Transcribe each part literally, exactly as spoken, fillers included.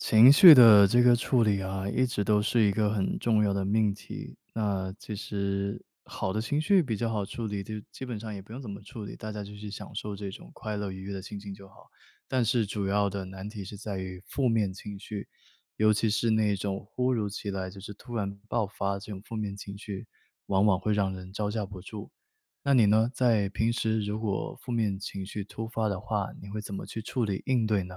情绪的这个处理啊，一直都是一个很重要的命题，那其实好的情绪比较好处理，就基本上也不用怎么处理，大家就去享受这种快乐愉悦的心情就好。但是主要的难题是在于负面情绪，尤其是那种突如其来就是突然爆发这种负面情绪，往往会让人招架不住。那你呢，在平时如果负面情绪突发的话，你会怎么去处理应对呢？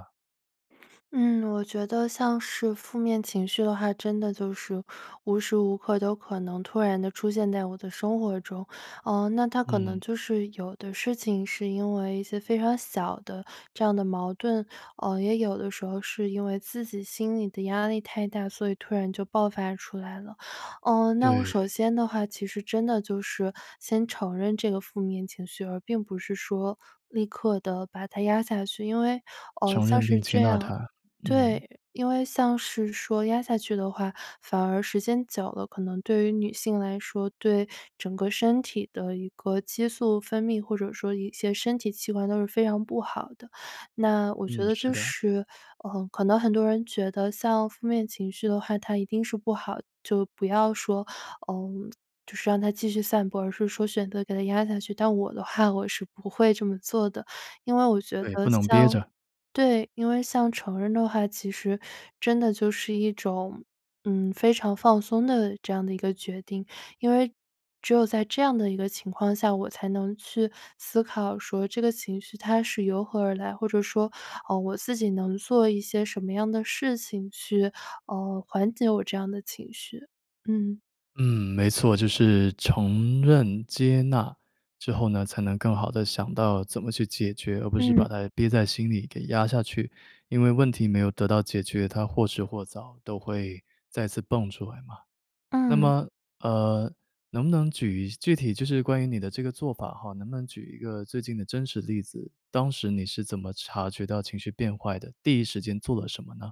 嗯，我觉得像是负面情绪的话，真的就是无时无刻都可能突然地出现在我的生活中，呃，那它可能嗯。就是有的事情是因为一些非常小的这样的矛盾，呃，也有的时候是因为自己心里的压力太大，所以突然就爆发出来了。呃，那我首对。先的话其实真的就是先承认这个负面情绪，而并不是说立刻地把它压下去，因为，呃，承像认并是接这纳样它，嗯。对，因为像是说压下去的话，反而时间久了，可能对于女性来说，对整个身体的一个激素分泌，或者说一些身体器官都是非常不好的。那我觉嗯，得是就的。是，呃，可能很多人觉得像负面情绪的话，它一定是不好就不要说，呃，就是让它继续散播，而是说选择给它压下去，但我的话我是不会这么做的，因为我觉对，得不能憋像着。对。因为像成人的话其实真的就是一种，嗯，非常放松的这样的一个决定，因为只有在这样的一个情况下，我才能去思考说这个情绪它是由何而来，或者说，呃，我自己能做一些什么样的事情去，呃，缓解我这样的情绪，嗯。嗯，没错，就是承认接纳，之后呢，才能更好地想到怎么去解决，而不是嗯。把它憋在心里给压下去。因为问题没有得到解决，它或迟或早都会再次蹦出来嘛。那嗯。么，呃能不能举一具体就是关于你的这个做法哈，能不能举一个最近的真实例子，当时你是怎么察觉到情绪变坏的，第一时间做了什么呢？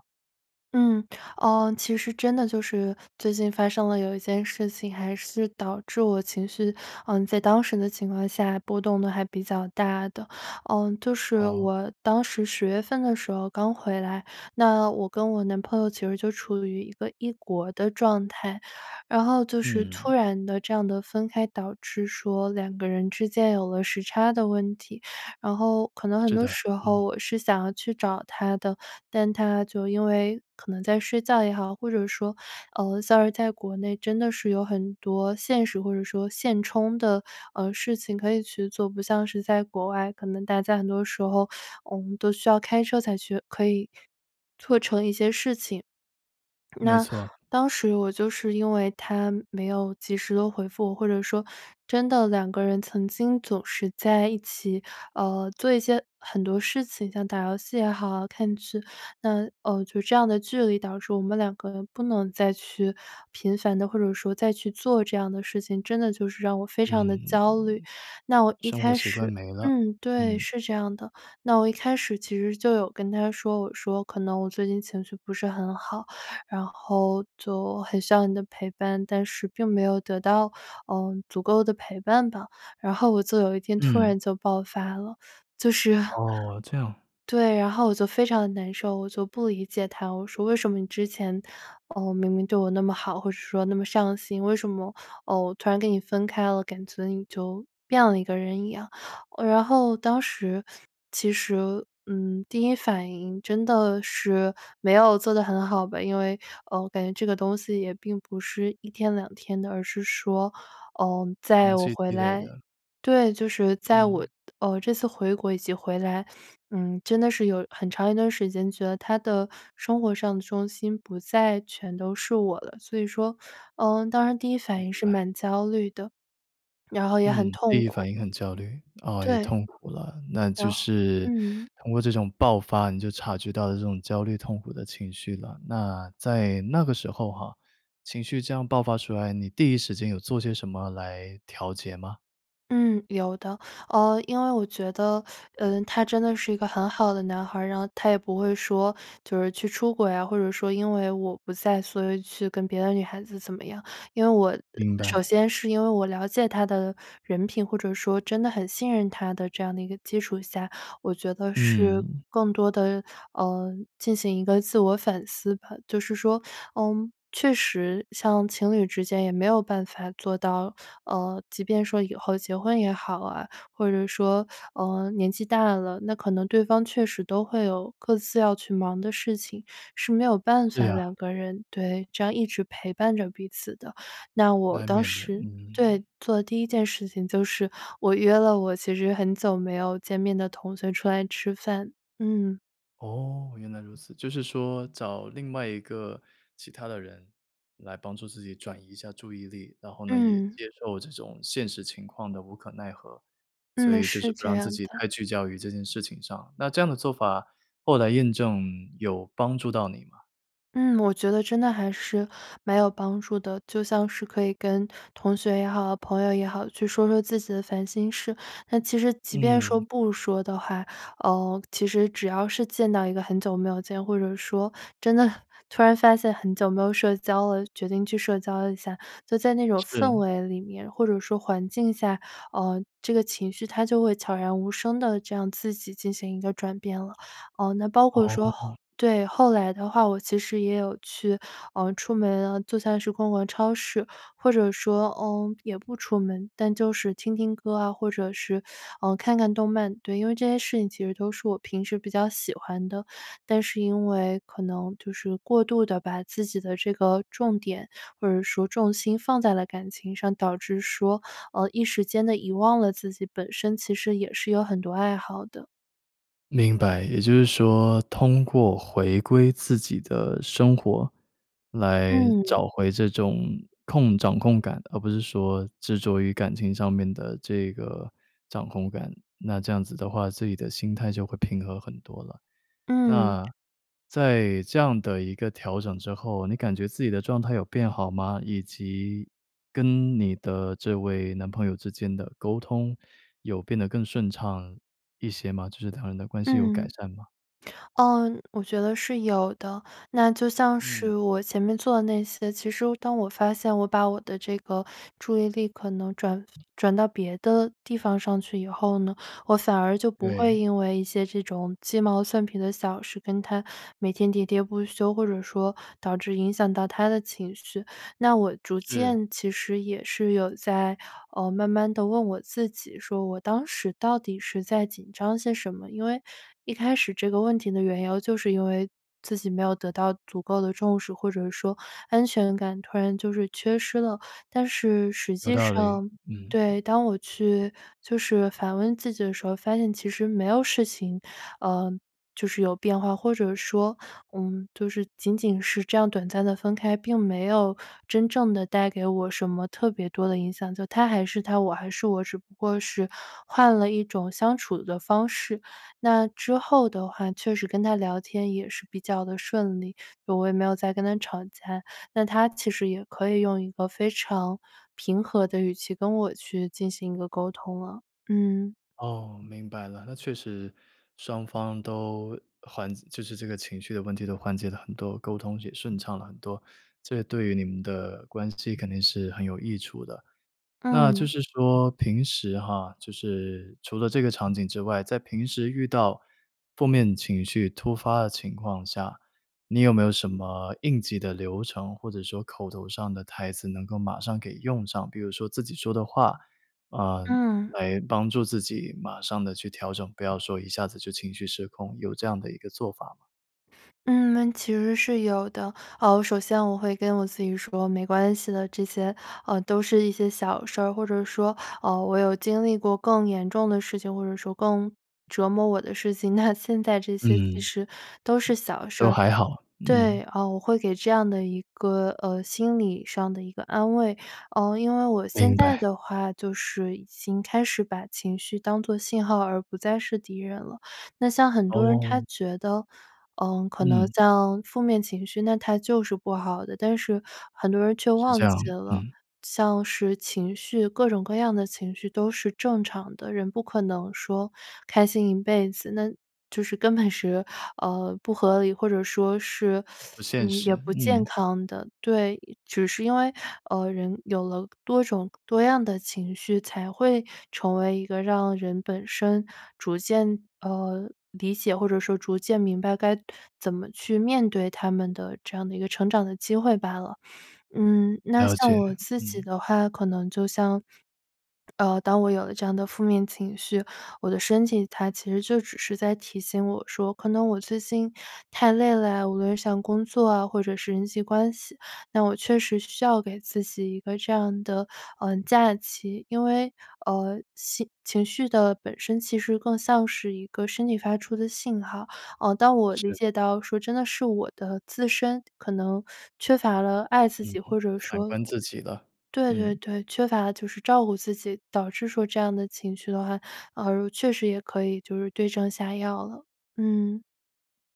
嗯，哦其实真的就是最近发生了有一件事情还是导致我情绪，嗯在当时的情况下，波动得还比较大的。嗯，就是好。我当时十月份的时候刚回来，那我跟我男朋友其实就处于一个异国的状态。然后就是突嗯。然地这样的分开，导致说两个人之间有了时差的问题。然后可能很是多的，时嗯。候我是想要去找他的，但他就因为可能在睡觉也好，或者说，呃像是在国内真的是有很多现实或者说现充的，呃，事情可以去做，不像是在国外，可能大家很多时候，我们都需要开车才去可以做成一些事情。没那，错。当时我就是因为他没有及时地回复，或者说真的两个人曾经总是在一起，呃，做一些很多事情，像打游戏也好，看剧。那，呃，就这样的距离导致我们两个人不能再去频繁地或者说再去做这样的事情，真的就是让我非常地嗯，焦虑。那我一生活开习惯始没了，嗯，对，嗯。是这样的。那我一开始其实就有跟他说，我说可能我最近情绪不是很好，然后就很需要你的陪伴，但是并没有得到，嗯，足够的陪伴吧。然后我就有一天突嗯。然就爆发了。就是哦，这样。对，然后我就非常地难受，我就不理解他。我说为什么你之前，嗯，明明对我那么好，或者说那么上心，为什么，嗯，我突然跟你分开了，感觉你就变了一个人一样。呃然后当时，其实，嗯，第一反应真的是没有做得很好吧，因为，嗯，我感觉这个东西也并不是一天两天的，而是说，嗯，在长我期回积累来的。对，就是在我，嗯。嗯，这次回国以及回来，嗯，真的是有很长一段时间觉得他的生活上的重心不再全都是我了。所以说，嗯，当时第一反明应是白。蛮焦虑的，然后也很嗯，第痛一苦。反应很焦虑。啊，也对。痛苦了。那然就后是嗯。通过这种爆发，你就察觉到了这种焦虑、痛苦的情绪了。那在那个时候哈，情绪这样爆发出来，你第一时间有做些什么来调节吗？嗯，有的，呃，因为我觉得，呃，他真的是一个很好的男孩儿，然后他也不会说就是去出轨啊，或者说因为我不在，所以去跟别的女孩子怎么样。因为我，呃，明首白。先是因为我了解他的人品，或者说真的很信任他的这样的一个基础下，我觉得是嗯。更多的，呃，进行一个自我反思吧，就是说。嗯，确实像情侣之间也没有办法做到，呃，即便说以后结婚也好啊。或者说，呃，年纪大了，那可能对方确实都会有各自要去忙的事情，是没有办对法啊。两个人对，这样一直陪伴着彼此的，那我难当免的，时，嗯。对，做的第一件事情就是我约了我其实很久没有见面的同学出来吃饭，嗯。哦，原来如此，就是说找另外一个其他的人来帮助自己转移一下注意力，然后呢也嗯。接受这种现实情况的无可奈何。所嗯，以就是是不这让自样己的。太聚焦于这件事情上，那这样的做法，后来验证有帮助到你吗？嗯，我觉得真的还是蛮有帮助的，就像是可以跟同学也好，朋友也好，去说说自己的烦心事，那其实即便说嗯。不说的话，呃，其实只要是见到一个很久没有见，或者说真的很突然发现很久没有社交了，决定去社交一下，就在那种氛是。围里面，或者说环境下，呃，这个情绪它就会悄然无声地这样自己进行一个转变了。呃，那包括说哦。对，后来的话我其实也有去，呃，出门啊，做菜时逛逛超市，或者说，嗯，也不出门，但就是听听歌啊，或者是，呃，看看动漫，对，因为这些事情其实就是我平时比较喜欢的，但是因为可能就是过度地把自己的这个重点，或者说重心放在了感情上，导致说，呃，一时间地遗忘了自己本身其实也是有很多爱好的。明白，也就是说，通过回归自己的生活，来嗯。找回这种控掌控感的，而不是说执着于感情上面的这个掌控感。那这样子的话，自己的心态就会平和很多了。嗯。那，在这样的一个调整之后，你感觉自己的状态有变好吗？以及，跟你的这位男朋友之间的沟通，有变得更顺畅一些吗？就是两人的关系有改嗯。善吗？呃，我觉得是有的，那就像是嗯。我前面做的那些，其实当我发现我把我的这个注意力可能转转到别的地方上去以后呢，我反而就不会对。因为一些这种鸡毛蒜皮的小事跟他每天喋喋不休，或者说导致影响到他的情绪，那我逐是。渐其实也是有在，呃，慢慢地问我自己，说我当时到底是在紧张些什么，因为一开始这个问题的缘由就是因为自己没有得到足够的重视，或者说安全感突然就是缺失了，但是实有际道理，上嗯。对，当我去就是反问自己的时候，发现其实没有事情。呃。就是有变化，或者说，嗯，就是仅仅是这样短暂的分开，并没有真正的带给我什么特别多的影响，他还是他，我还是我，只不过是换了一种相处的方式，那之后的话确实跟他聊天也是比较的顺利，就是我也没有再跟他吵架，那他其实也可以用一个非常平和的语气跟我去进行一个沟通啊。嗯哦，明白了，那确实，双方都缓解就是这个情绪的问题都缓解了很多，沟通也顺畅了很多，这对于你们的关系肯定是很有益处的。那就嗯。是说平时哈，就是除了这个场景之外，在平时遇到负面情绪突发的情况下，你有没有什么应急的流程，或者说口头上的台词能够马上给用上，比如说自己说的话，呃，嗯。来帮助自己马上地去调整，不要说一下子就情绪失控，有这样的一个做法吗？嗯，其实是有的，呃，首先我会跟我自己说没关系的，这些，呃，都是一些小事儿，或者说，呃，我有经历过更严重的事情，或者说更折磨我的事情，那现在这些其嗯。实都是小事都儿。还好，对，嗯。呃，我会给这样的一个，呃，心理上的一个安慰，呃，因为我现明在白。的话就是已经开始把情绪当作信号，而不再是敌人了。那像很多人哦。他觉得，呃，可能嗯。像负面情绪，那它就是不好的，但是很多人却是这忘样，记了，嗯。像是情绪，各种各样的情绪都是正常的，人不可能说开心一辈子，那就是根本是，呃，不合理，或者说是，不 现嗯，实，也不健嗯。康的。对，只是因为，呃，人有了多种多样的情绪，才会成为一个让人本身逐渐，呃，理解，或者说逐渐明白该怎么去面对他们的这样的一个成长的机会罢了。嗯，那了像解，我自己嗯。的话，可能就像，呃，当我有了这样的负面情绪，我的身体它其实就只是在提醒我说可能我最近太累了呀，无论是像工作啊或者是人际关系，那我确实需要给自己一个这样的，呃，假期，因为，呃，情情绪的本身其实更像是一个身体发出的信号。呃，当我理是。解到说真的是我的自身可能缺乏了爱自嗯，己，或者反说观自己了，对对嗯。对，缺乏就是照顾自己，导致说这样的情绪的话，呃，确实也可以就是对症下药了，嗯。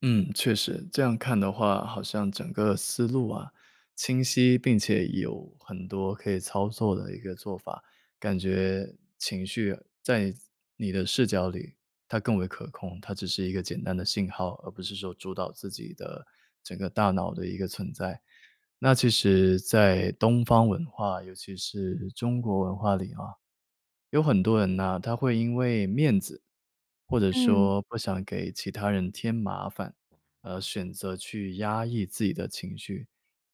嗯，确实，这样看的话，好像整个思路啊，清晰、并且有很多可以操作的一个做法，感觉情绪在你的视角里它更为可控，它只是一个简单的信号，而不是说主导自己的整个大脑的一个存在。那其实在东方文化，尤其是中国文化里啊，有很多人呢，他会因为面子，或者嗯。说不想给其他人添麻烦，而选择去压抑自己的情绪，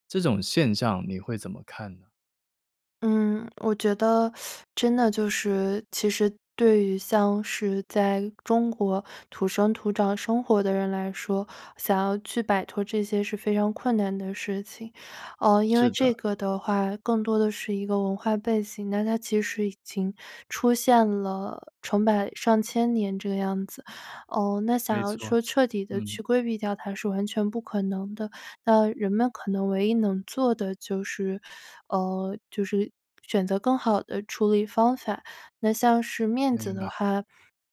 这种现象你会怎么看呢？嗯，我觉得 真的就是其实对于像是在中国土生土长生活的人来说，想要去摆脱这些是非常困难的事情。呃因为是这的。个的话，更多的是一个文化背景，那它其实已经出现了成百上千年这个样子。呃，那想没要错，说彻底地嗯。去规避掉它是完全不可能的。那人们可能唯一能做的就是呃，就是选择更好的处理方法。那像是面子明白。的话，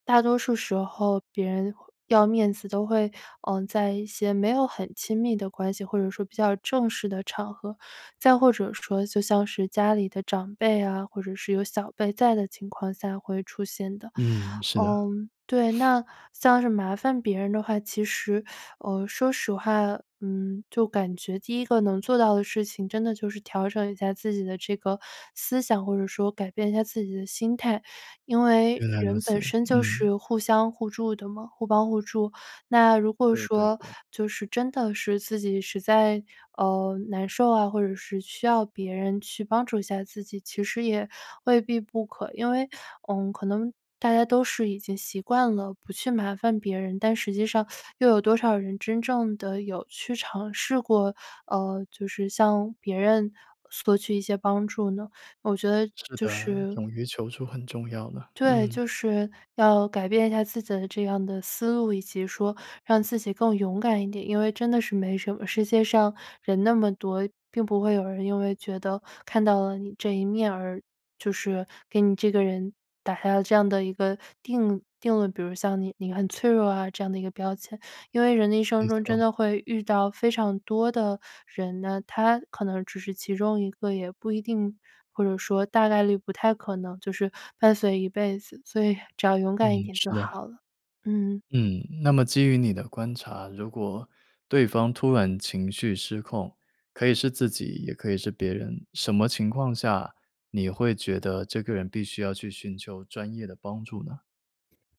大多数时候别人要面子都会，呃，在一些没有很亲密的关系，或者说比较正式的场合，再或者说就像是家里的长辈啊，或者是有小辈在的情况下会出现的。嗯，是的。嗯，对。那像是麻烦别人的话，其实，呃，说实话，嗯，就感觉第一个能做到的事情，真的就是调整一下自己的这个思想，或者说改变一下自己的心态。因为原来如人此，本身就嗯。是互相互助的嘛互帮互助。那如果对对说对。就是真的是自己实在，呃，难受啊，或者是需要别人去帮助一下自己，其实也未必不可。因为，嗯可能大家都是已经习惯了不去麻烦别人，但实际上 又有多少人真正地有去尝试过，呃就是向别人索取一些帮助呢？我觉得是就的，是勇于求助很重要了，对，嗯。就是要改变一下自己的这样的思路，以及说让自己更勇敢一点。因为真的是没什么，世界上人那么多，并不会有人因为觉得看到了你这一面，而就是给你这个人打下了这样的一个定定了比如像你你很脆弱啊这样的一个标签。因为人的一生没中错。真的会遇到非常多的人呢，他可能只是其中一个，也不一定，或者说大概率不太可能就是伴随一辈子，所以只要勇嗯，敢一点是就的。好了。嗯。嗯，那么基于你的观察，如果对方突然情绪失控，可以是自己也可以是别人，什么情况下你会觉得这个人必须要去寻求专业的帮助呢？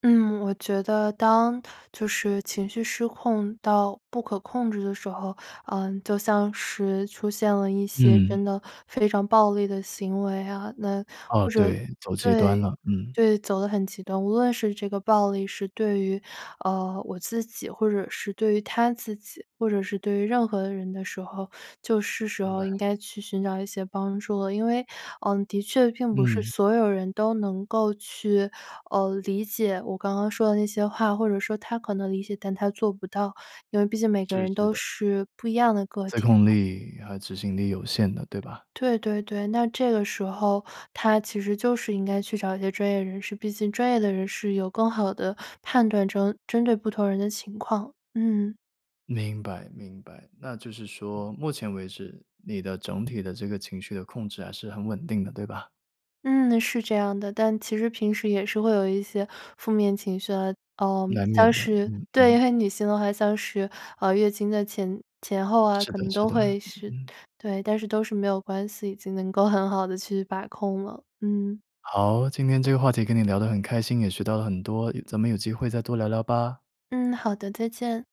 嗯，我觉得当就是情绪失控到不可控制的时候，呃，就像是出现了一些真嗯。的非常暴力的行为啊，那哦，或者对，走极端对了，嗯。对，走得很极端，无论是这个暴力是对于，呃，我自己或者是对于他自己，或者是对于任何人的时候，就是时明候应白。该去寻找一些帮助了。因为，嗯，的确并不是嗯。所有人都能够去，呃，理解我刚刚说的那些话，或者说他可能理解，但他做不到，因为毕竟每个是，人是都的。是不一样的个自体控嘛。力和执行力有限的，对吧？对对对，那这个时候他其实就是应该去找一些专业人士，毕竟专业的人士有更好的判断针针对不同人的情况，嗯。明白明白，那就是说目前为止你的整体的这个情绪的控制还是很稳定的，对吧？嗯，是这样的，但其实平时也是会有一些负面情绪啊，呃，难像免的，是嗯嗯。对，女性的话像是，呃，月经的前前后啊，是可的能是都的，会是嗯。对，但是都是没有关系，已经能够很好地去把控了。嗯。好，今天这个话题跟你聊得很开心，也学到了很多，咱们有机会再多聊聊吧。嗯，好的，再见。